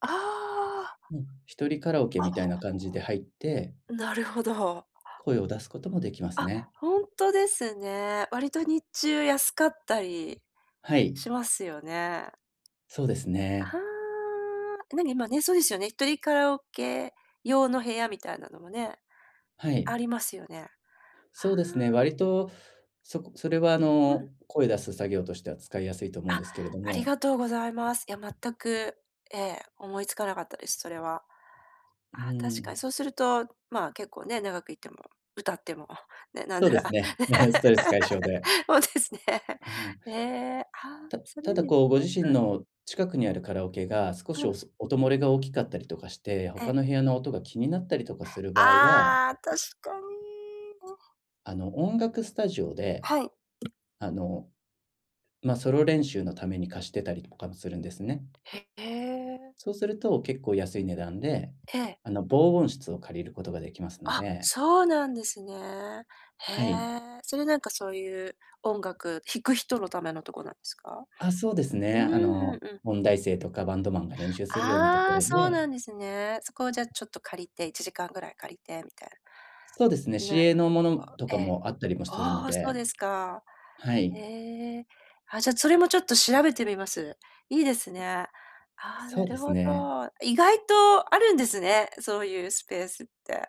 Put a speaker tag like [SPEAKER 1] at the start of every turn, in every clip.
[SPEAKER 1] ああ。
[SPEAKER 2] うん。1人カラオケみたい
[SPEAKER 1] あ
[SPEAKER 2] な感じで入って
[SPEAKER 1] なるほど。
[SPEAKER 2] 声を出すこともできます
[SPEAKER 1] あ、
[SPEAKER 2] ね。
[SPEAKER 1] ほんとですね。割と日中安かったり
[SPEAKER 2] はい。
[SPEAKER 1] しますよね。
[SPEAKER 2] そうですね。
[SPEAKER 1] はあ。え、何、今ね、そうですよね、1人カラオケ用の部屋みたいなのもね、
[SPEAKER 2] は
[SPEAKER 1] あ
[SPEAKER 2] い。
[SPEAKER 1] りますよね。
[SPEAKER 2] そ
[SPEAKER 1] は
[SPEAKER 2] うですね、
[SPEAKER 1] あ。
[SPEAKER 2] 割と、そこそれはあ
[SPEAKER 1] うん。
[SPEAKER 2] の、声出す作業としては使いやすいと思う
[SPEAKER 1] あ、
[SPEAKER 2] んですけれど
[SPEAKER 1] あり
[SPEAKER 2] も。
[SPEAKER 1] がとうございます。いや、全くええ、思いつかなかったです、それは。
[SPEAKER 2] う
[SPEAKER 1] あ
[SPEAKER 2] ー
[SPEAKER 1] あ、確かに
[SPEAKER 2] ん。
[SPEAKER 1] そうすると、まあ、結構ね、長く居ても、歌っても、ね、なん
[SPEAKER 2] そう
[SPEAKER 1] な
[SPEAKER 2] で
[SPEAKER 1] ら。
[SPEAKER 2] すね、ストレス解消で。
[SPEAKER 1] そうですね。へえ、あ
[SPEAKER 2] [unintelligible]
[SPEAKER 1] あ、
[SPEAKER 2] た
[SPEAKER 1] それ
[SPEAKER 2] た
[SPEAKER 1] いい
[SPEAKER 2] だ
[SPEAKER 1] ですね、
[SPEAKER 2] こう、ご自身
[SPEAKER 1] うん。
[SPEAKER 2] の近くにあるカラオケが、少し、
[SPEAKER 1] う
[SPEAKER 2] お
[SPEAKER 1] ん。
[SPEAKER 2] す音漏れが大きかったりとかして、
[SPEAKER 1] え。
[SPEAKER 2] 他の部屋の音が気になったりとかする場合は
[SPEAKER 1] ああ、確かに。うん。
[SPEAKER 2] あの、音楽スタジオで、
[SPEAKER 1] はい。
[SPEAKER 2] あの、ま、ソロ練習のために貸してたりとかもするんですね。
[SPEAKER 1] へえ。
[SPEAKER 2] そうすると、結構安い値段で、
[SPEAKER 1] ええ。
[SPEAKER 2] あの、防音室を借りることが出来ますの
[SPEAKER 1] あ、
[SPEAKER 2] で。
[SPEAKER 1] そうなんですね。へ
[SPEAKER 2] はい。
[SPEAKER 1] え、それなんかそういう、音楽弾く人のためのとこなんですか？
[SPEAKER 2] あ、そうですね。
[SPEAKER 1] うん
[SPEAKER 2] あ
[SPEAKER 1] うん
[SPEAKER 2] の、
[SPEAKER 1] うん。
[SPEAKER 2] 音大生とかバンドマンが練習するようなとこ
[SPEAKER 1] ああ、
[SPEAKER 2] ろ
[SPEAKER 1] そう
[SPEAKER 2] で。
[SPEAKER 1] なんですね。そこをじゃあちょっと借りて、1時間ぐらい借りてみたい
[SPEAKER 2] そうですね、
[SPEAKER 1] な
[SPEAKER 2] 市
[SPEAKER 1] る
[SPEAKER 2] 営のもの
[SPEAKER 1] ほど。
[SPEAKER 2] と
[SPEAKER 1] え
[SPEAKER 2] か
[SPEAKER 1] え。
[SPEAKER 2] もあったりもするの
[SPEAKER 1] ああ、そう
[SPEAKER 2] で。
[SPEAKER 1] ですか。
[SPEAKER 2] はい。
[SPEAKER 1] へえ。あ、じゃ、それもちょっと調べてみます。いいですね。ああ、
[SPEAKER 2] そ
[SPEAKER 1] な
[SPEAKER 2] うで
[SPEAKER 1] る
[SPEAKER 2] す
[SPEAKER 1] ほど。
[SPEAKER 2] ね。
[SPEAKER 1] 意外とあるんですね、そういうスペースって。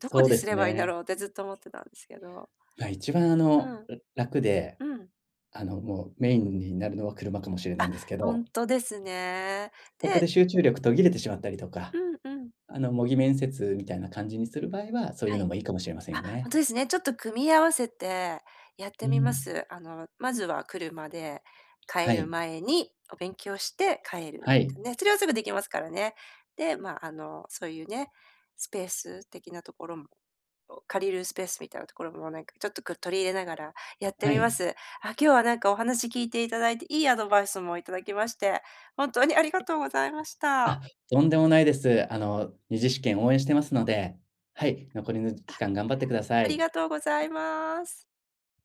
[SPEAKER 1] どこ
[SPEAKER 2] そう
[SPEAKER 1] で
[SPEAKER 2] で
[SPEAKER 1] す
[SPEAKER 2] す
[SPEAKER 1] ればいんだ
[SPEAKER 2] ね。
[SPEAKER 1] ろうって、ずっと思ってたんですけど。
[SPEAKER 2] ま、一番あ
[SPEAKER 1] う
[SPEAKER 2] の、
[SPEAKER 1] ん、
[SPEAKER 2] う楽で、
[SPEAKER 1] うん。
[SPEAKER 2] あの、もうメインになるのは車かもしれない
[SPEAKER 1] あ、
[SPEAKER 2] んですけ
[SPEAKER 1] ほ
[SPEAKER 2] ど。
[SPEAKER 1] んとですね。
[SPEAKER 2] そこ
[SPEAKER 1] で
[SPEAKER 2] で集中力途切れてしまったりとか、
[SPEAKER 1] うん、うん。
[SPEAKER 2] あの、模擬面接みたいな感じにする場合は、そういう
[SPEAKER 1] は
[SPEAKER 2] の
[SPEAKER 1] い。
[SPEAKER 2] もいいかもしれません
[SPEAKER 1] あ、
[SPEAKER 2] よ
[SPEAKER 1] ほん
[SPEAKER 2] ね。
[SPEAKER 1] とですね、ちょっと組み合わせてやって
[SPEAKER 2] う
[SPEAKER 1] みま
[SPEAKER 2] ん。
[SPEAKER 1] す。あの、まずは車で、帰
[SPEAKER 2] は
[SPEAKER 1] る
[SPEAKER 2] い。
[SPEAKER 1] 前に、お勉強して帰る。
[SPEAKER 2] はい。
[SPEAKER 1] とね、それはすぐできますからね。で、まあ、あの、そういうね、スペース的なところも、お借りるスペースみたいなところも、なんかちょっとこう、取り入れながらやって
[SPEAKER 2] は
[SPEAKER 1] み
[SPEAKER 2] い。
[SPEAKER 1] ます。あ、今日なんかお話聞いて頂いて、いいアドバイスも頂きまして、本当にありがとうございまし
[SPEAKER 2] あ、
[SPEAKER 1] た。
[SPEAKER 2] とんでもないです。あの、2次試験応援してますので、はい、残りのじ
[SPEAKER 1] あ、
[SPEAKER 2] 期間頑張ってくださ
[SPEAKER 1] あり
[SPEAKER 2] い。
[SPEAKER 1] がとうございます。